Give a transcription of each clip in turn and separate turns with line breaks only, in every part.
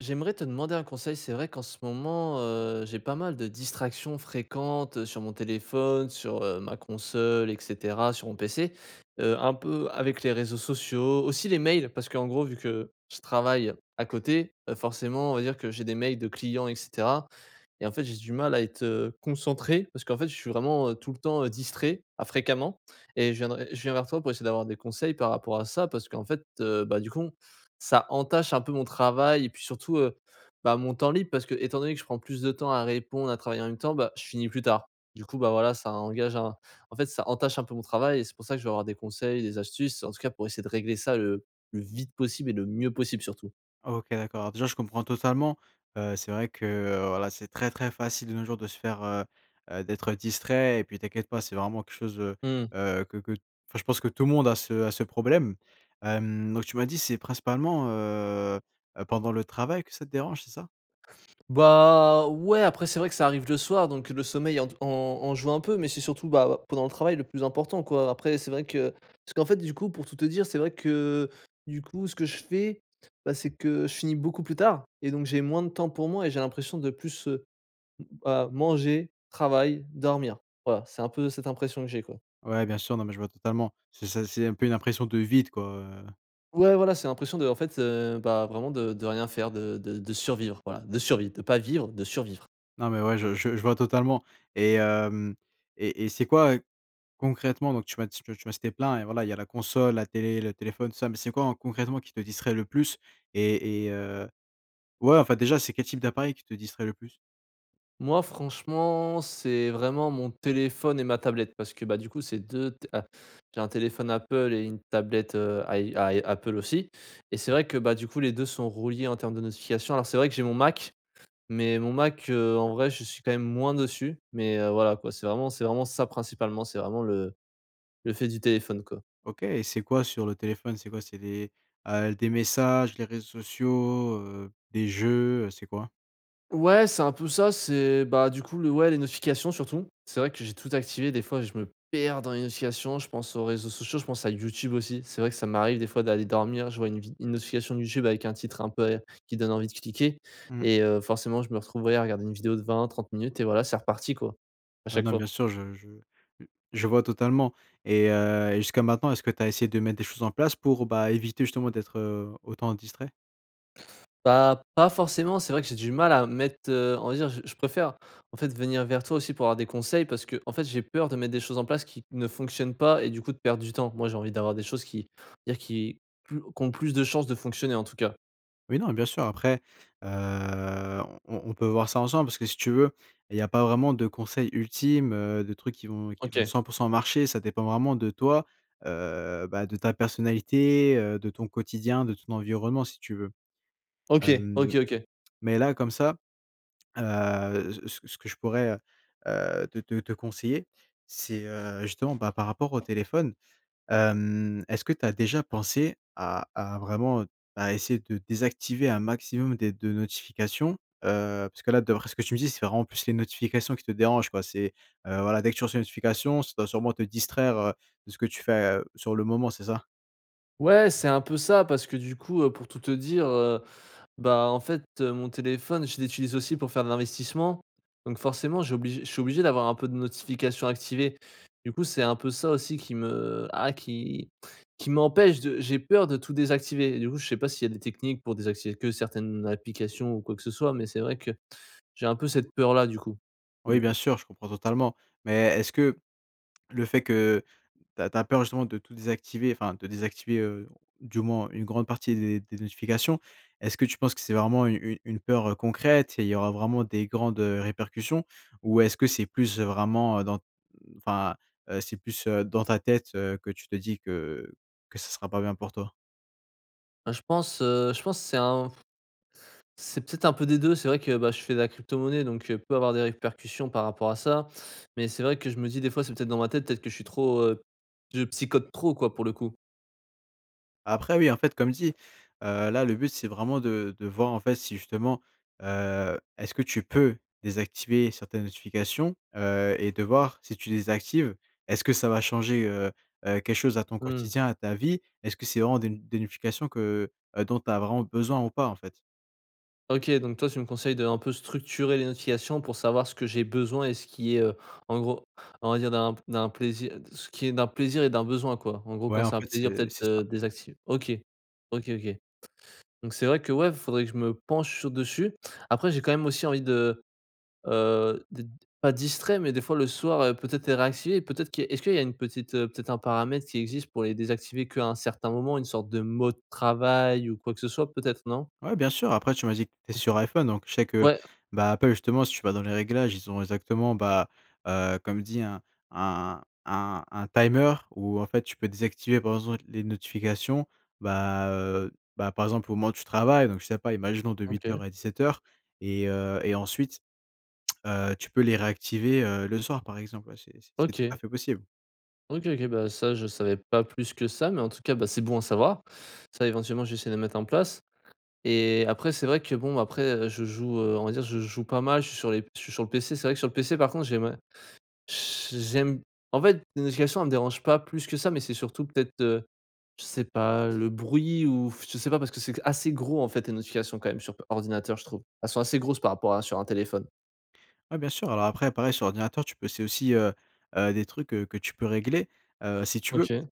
J'aimerais te demander un conseil, c'est vrai qu'en ce moment, heu, j'ai pas mal de distractions fréquentes sur mon téléphone, sur heu, ma console et cetera, sur mon PC. Heu, un peu avec les réseaux sociaux, aussi les mails, parce qu'en gros vu que, je travaille, à côté, heu, forcément on va dire que j'ai des mails de clients et cetera et en fait j'ai du mal à être, heu, concentré, parce qu'en fait je suis vraiment tout le temps distrait, à fréquemment. Et je viendrai je viens vers toi pour essayer d'avoir des conseils par rapport à ça. Parce qu'en fait, heu, bah du con, ça entache un peu mon travail et puis surtout, heu, bah, mon temps libre parce que étant donné que je prends plus de temps à répondre à travailler en même temps, bah, je finis plus tard. Du coup bah voilà ça engage à un en fait ça entache un peu mon travail et c'est pour ça que je vais avoir des conseils, des astuces, en tout cas pour essayer de régler ça le, plus vite possible et le mieux possible surtout.
OK, d'accord, déjà je comprends totalement. Heu, c'est vrai que, heu, voilà, c'est très, très facile de nos jours de se faire, heu heu, d'être distrait et puis t'inquiète pas c'est vraiment quelque chose, heu
Mmh.
heu, que que enfin je pense que tout le monde a ce a ce problème. Hem, donc tu m'as dit c'est principalement, heu heu pendant le travail que ça te dérange, c'est ça?
Bah, ouais, après c'est vrai que ça arrive le soir donc le sommeil en te en en joue un peu. Mais c'est surtout bah pendant le travail le plus important quoi, après c'est vrai que, parce qu'en fait du coup pour tout te dire c'est vrai que, du coup ce que je fais, bah, c'est que, je finis beaucoup plus tard et donc j'ai moins de temps pour moi et j'ai l'impression de plus, heu, m bah, manger, travail, dormir. Voilà c'est un peu cette impression que j'ai quoi.
Ouais bien sûr, non mais je vois totalement, c c'est c'est un peu une impression de vide quoi heu.
Ouais voilà, c'est l'impression de en fait, heu, bah, vraiment de de rien faire, de de de survivre voilà, de survit, de pas vivre, de survivre.
Non mais, ouais je je je vois totalement. Et hem, et et c'est quoi, heu, concrètement donc tu m'as dit tu m'as cité plein et voilà il y a la console, la télé, le téléphone tout ça. Mais c'est quoi en concrètement qui te distrait le plus et et heu ouais en fait déjà c'est quel type d'appareil qui te distrait le plus?
Moi franchement, c'est vraiment mon téléphone et ma tablette parce que, bah, du coup c'est 2 t a j'ai un téléphone Apple et une tablette, heu, ay ay Apple aussi, et c'est vrai que bah, du coup les 2 sont reliés en termes de notification. Alors c'est vrai que j'ai mon Mac, mais mon Mac, heu, en vrai je suis quand même moins dessus, mais, heu, voilà quoi c'est vraiment c'est vraiment ça principalement, c'est vraiment le le fait du téléphone quoi.
OK, et c'est quoi sur le téléphone? C'est quoi, c'est des, heu, des messages, les réseaux sociaux heu, des jeux, c'est quoi?
Ouais c'est un peu ça, c'est, bah, du coup le ouais les notifications surtout. C'est vrai que j'ai tout activé, des fois je me perds dans les notifications, je pense aux réseaux sociaux, je pense à YouTube aussi. C'est vrai que ça m'arrive des fois d'aller dormir, je vois une vide une notification YouTube avec un titre un peu qui donne envie de cliquer
Mmh.
et heu, forcément je me retrouve, ouais, à regarder une vidéo de 20-30 minutes et voilà c'est reparti, quoi, à
Ouais,
chaque
non,
fois.
bien sûr, je je, heu, je vois totalement. Et heu, et jusqu'à maintenant, est-ce que tu as essayé de mettre des choses en place pour bah, éviter justement d'être, heu, autant distrait?
Bah, pas forcément, c'est vrai que j'ai du mal à mettre, heu, on va dire j je préfère en fait venir vers toi aussi pour avoir des conseils parce qu'en fait j'ai peur de mettre des choses en place qui ne fonctionnent pas et du coup de perdre du temps. Moi j'ai envie d'avoir des choses qui on va dire qui plus qui ont plus de chance de fonctionner en tout cas.
Mais non, et bien sûr. Après, heu, on on on peut voir ça ensemble parce que si tu veux, il y a pas vraiment de conseils ultimes, heu de trucs qui vont qui vont
OK.
100 % marcher. Ça dépend vraiment de toi, heu, bah, de ta personnalité, heu, de ton quotidien, de ton environnement, si tu veux.
OK,
Hem,
OK OK.
mais là comme ça. Heu c c ce que je pourrais heu heu te te te conseiller, c'est heu, justement, bah, par rapport au téléphone. Hem, est-ce que tu as déjà pensé à à vraiment, heu, à essayer de désactiver un maximum des de notifications? Heu, puisque là d'après ce que tu me dis c'est vraiment plus les notifications qui te dérangent quoi. C'est, heu, voilà dès que tu reçois une notification, ça doit sûrement te distraire, heu, de ce que tu fais, heu, sur le moment c'est ça?
Ouais, c'est un peu ça parce que du coup, heu, pour tout te dire, heu, bah, en fait, heu, mon téléphone je l'utilise aussi pour faire de l'investissement donc forcément j'oblige je suis obligé d'avoir un peu de notifications activées. Du coup c'est un peu ça aussi qui me ah qui qui m'empêche de j'ai peur de tout désactiver et du coup je sais pas s'il y a des techniques pour désactiver que certaines applications ou quoi que ce soit mais c'est vrai que j'ai un peu cette peur-là du coup. Pour
Oui,
le
bien
coup.
sûr je comprends totalement, mais est-ce que le fait que tu as tu as peur justement de tout désactiver, enfin de désactiver, heu, du moins une grande partie des des notifications, est-ce que tu penses que c'est vraiment u u une peur, heu, concrète? Et il y aura vraiment des grandes, heu, répercussions? Ou est-ce que c'est plus vraiment, heu, dans, enfin, heu, c'est plus, heu, dans ta tête, heu, que tu te dis que que ce sera pas bien pour toi?
Ben, je pense, heu, je pense c'est un c'est peut-être un peu des 2 deux. C'est vrai que, bah, je fais de la cryptomonnaie, donc, heu, peut avoir des répercussions par rapport à ça. Mais c'est vrai que je me dis des fois: «C'est peut-être dans ma tête, peut-être que je suis trop heu je psychote trop, quoi, pour le coup.
Après oui, en fait comme dis, heu, là le but c'est vraiment de de voir en fait si justement, heu, est-ce que tu peux, désactiver certaines notifications? Heu, et de voir si tu désactives, est-ce que ça va changer, heu heu, quelque chose à ton
Mmh.
quotidien, à ta vie? Est-ce que c'est vraiment des n des notifications que, heu, dont tu as vraiment besoin ou pas, en fait?
OK, donc toi tu me conseilles d'un peu structurer les notifications pour savoir ce que j'ai besoin, et ce qui est heu, en gros, on va dire d'un p d'un plaisi ce qui est d'un plaisir et d'un besoin quoi? En gros,
Ouais
quand
en
c'est un
fait,
plaisir
c'est
peut-être
c'est ça.
heu, désacti OK. OK, OK. Donc c'est vrai que ouais faudrait que je me penche sur dessus. Après j'ai quand même aussi envie de, heu, d pas distrait mais, des fois le soir heu, peut-être les réactiver, peut-être que est-ce qu'il y a une petite, heu, peut-être un paramètre qui existe pour les désactiver qu'à un certain moment, une sorte de mode travail ou quoi que ce soit peut-être non?
Ouais bien sûr. Après tu m'as dit que tu étais
OK.
sur IPhone, donc je sais que,
Ouais.
bah, Apple justement si tu vas dans les réglages, ils ont exactement bah, heu, comme dis hein, un un un timer, où en fait tu peux désactiver par exemple les notifications. Ben, heu ben, par exemple au moment où tu travailles, donc je sais pas, imaginons de huit
OK.
heures à 17 et heu et ensuite, heu, tu peux les réactiver heu, le soir par exemple. Ouais, c'est c'est c'est tout à
OK.
fait possible.
OK, OK, bah, ça je savais pas plus que ça, mais en tout cas bah, c'est bon à savoir. Ça éventuellement je vais essayer le de mettre en place. Et, après c'est vrai que bon, après, heu, je joue, heu, on va dire je joue pas mal je suis sur les je suis sur le PC, c'est vrai que sur le PC par contre j'aimerais j j'aime, en fait les notifications elles me dérangent pas plus que ça, mais c'est surtout peut-être, heu, je sais pas heu, le bruit ou, f je sais pas, parce que c'est assez gros en fait les notifications quand même sur p ordinateur je trouve. Elles sont assez grosses par rapport à sur un téléphone.
Ouais, bien sûr, alors après pareil sur ordinateur tu peux essayer aussi, heu heu des trucs que tu peux régler, heu, si tu veux.
OK.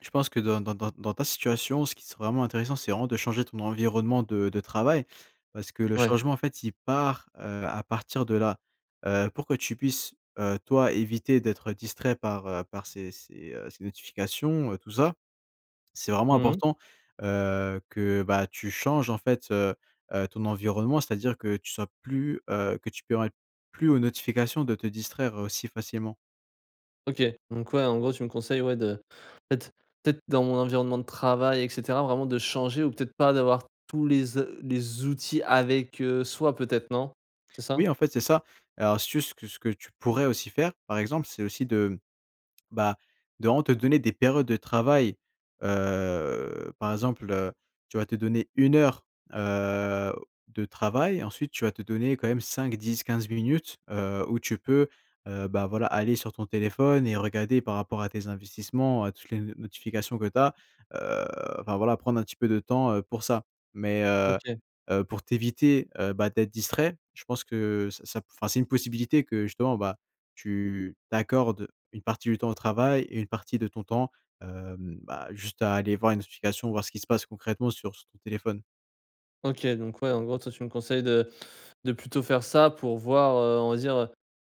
Je pense que dans dans dans dans ta situation ce qui serait vraiment intéressant c'est vraiment de changer ton environnement de de travail. Parce que le
Ouais.
changement en fait, il part, heu, à partir de là heu, pour que tu puisses, heu, toi éviter d'être distrait par heu, par ces ces heu, ces notifications, heu, tout ça. C'est vraiment
Mmh mh.
important, heu, que bah, tu changes en fait, heu heu, ton environnement, c'est-à-dire que tu sois plus, heu, que tu permettes plus aux notifications de te distraire aussi facilement.
OK, donc ouais en gros tu me conseilles ouais de en fait peut-être dans mon environnement de travail et cetera vraiment de changer ou peut-être pas d'avoir tous les ze les outils avec, heu, soi peut-être non, c'est ça?
Oui en fait c'est ça. Alors si tu veux, ce que ce que tu pourrais aussi faire par exemple c'est aussi de, mmh, bah, de vraiment te donner des périodes de travail heu, par exemple, heu, tu vas te donner 1 heure, heu, de travail ensuite tu vas te donner quand même 5-10-15 minutes, heu où tu peux, heu, bah, voilà aller sur ton téléphone et regarder par rapport à tes investissements, heu, toutes les n notifications que tu as, heu, enfin voilà prendre un petit peu de temps, heu, pour ça. Mais heu
OK.
heu pour t'éviter, heu, bah, d'être distrait, je pense que ça ça p enfin c'est une possibilité que justement, bah, tu t'accordes une partie du temps au travail et une partie de ton temps, hem, bah, juste à aller voir les notifications voir ce qui se passe concrètement sur ce ton téléphone.
OK. Donc ouais, en gros, toi, tu me conseilles de de plutôt faire ça pour voir, heu, on va dire, heu,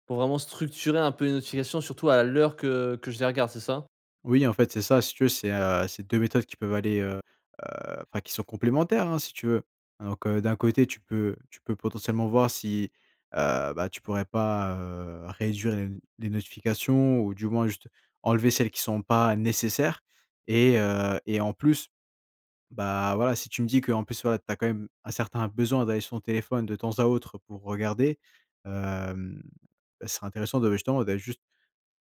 pour vraiment structurer un peu les notifications. Surtout à l'heure que que je les regarde, c'est ça?
Oui, en fait, c'est ça. Si tu veux, c'est, heu, c'est 2 méthodes qui peuvent aller, heu heu enfin qui sont complémentaires, hein, si tu veux. Donc, heu, d'un côté, tu peux tu peux potentiellement voir si, heu, bah, tu pourrais pas, heu, réduire les n les notifications, ou du moins juste enlever celles qui sont pas nécessaires. Et, heu et en plus bah, voilà, si tu me dis que, en plus, voilà, tu as quand même un certain besoin d'aller sur ton téléphone de temps à autre pour regarder. Hem, ce serait intéressant, de bah, justement, d'aller juste,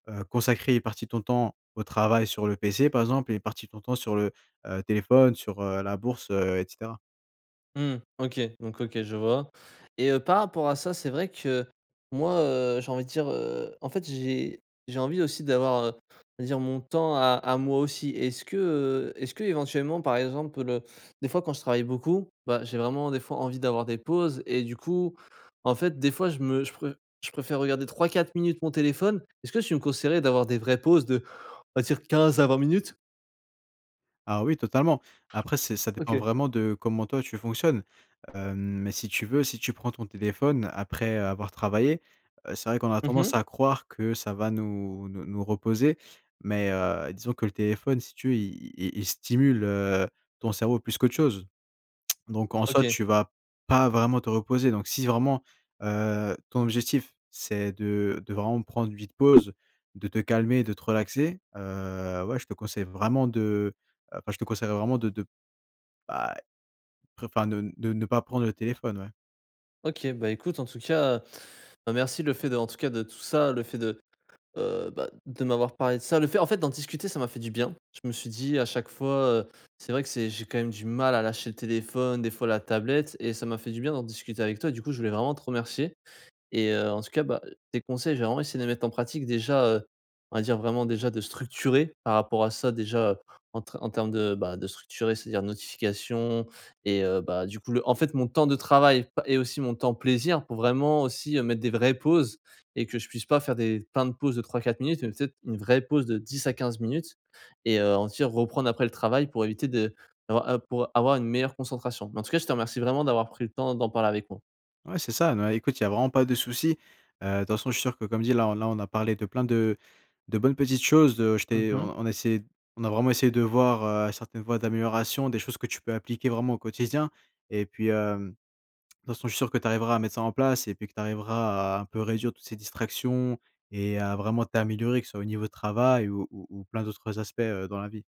heu, consacrer une partie de ton temps au travail sur le PC, par exemple. Et une partie de ton temps sur le, heu, téléphone, sur, heu, la bourse, heu, et cetera.
Mmh. OK. Donc, OK. Je vois. Et, heu, par rapport à ça, c'est vrai que moi, heu, j'ai envie de dire, heu. En fait, j'ai j'ai envie aussi d'avoir, heu, on va dire, mon temps à à moi aussi. Est-ce que, heu, est-ce qu'éventuellement, par exemple, des fois, quand je travaille beaucoup. Bah, j'ai vraiment, des fois, envie d'avoir des pauses. Et du coup, en fait, des fois, je me je pré je préfère regarder 3-4 minutes mon téléphone. Est-ce que tu me conseillerais d'avoir des vraies pauses de, on va dire, 15 à 20 minutes?
Ah, oui, totalement. Après, c'est ça dépend
OK.
vraiment de comment, toi, tu fonctionnes. Hem, si tu veux, si tu prends ton téléphone après avoir travaillé. Heu, c'est vrai qu'on a
Mmh mh.
tendance à croire que ça va nous nous nous reposer. Mais, heu, disons que le téléphone, si tu veux, il il il stimule, heu, ton cerveau plus qu'autre chose. Donc, en soi,
OK.
tu vas pas vraiment te reposer. Donc, si vraiment, heu, ton objectif, c'est de de vraiment prendre une vite pause, de te calmer, de te relaxer. Heu, ouais je te conseille vraiment de enfin, je te conseillerais vraiment de de bah, après enfin ne de ne pas prendre le téléphone, ouais.
OK, bah, écoute en tout cas, bah, merci, le fait, de en tout cas, de tout ça, le fait de heu, bah, de m'avoir parlé de ça, le fait, en fait d'en discuter, ça m'a fait du bien. Je me suis dit: «A chaque fois, heu, c'est vrai que c'est j'ai quand même du mal à lâcher le téléphone, des fois la tablette» et ça m'a fait du bien d'en discuter avec toi, du coup je voulais vraiment te remercier. Et heu, en tout cas, bah, heu, tes conseils, je vais vraiment essayer de les mettre en pratique déjà, heu, on va dire vraiment déjà, de structurer, par rapport à ça déjà en tre en termes de, bah, de structurer. C'est-à-dire notifications et heu, bah, du coup le en fait mon temps de travail, pa et aussi mon temps plaisir pour vraiment aussi, mettre des vraies pauses. Et que je puisse pas faire des plein de pauses de 3-4 minutes mais, peut-être, une vraie pause de 10 à 15 minutes et heu, en tire, reprendre après le travail pour éviter de d'avoir, heu pour avoir une meilleure concentration. Mais en tout cas, je te remercie vraiment d'avoir pris le temps d'en parler avec moi.
Ouais, c'est ça, bah, écoute, il y a vraiment pas de souci. Heu, de toute façon, je suis sûr que comme dit là là, on a parlé de plein de de bonnes petites choses de je
Mmh
t'ai
mh.
on on a essayé on a vraiment essayé de voir, heu, certaines voies d'amélioration, des choses que tu peux appliquer vraiment au quotidien. Et puis, hem, de toutes façons, je suis sûr que tu arriveras à mettre ça en place et puis que tu arriveras à un peu réduire toutes ces distractions et à vraiment t'améliorer, que ce soit au niveau travail ou ou ou plein d'autres aspects, heu, dans la vie.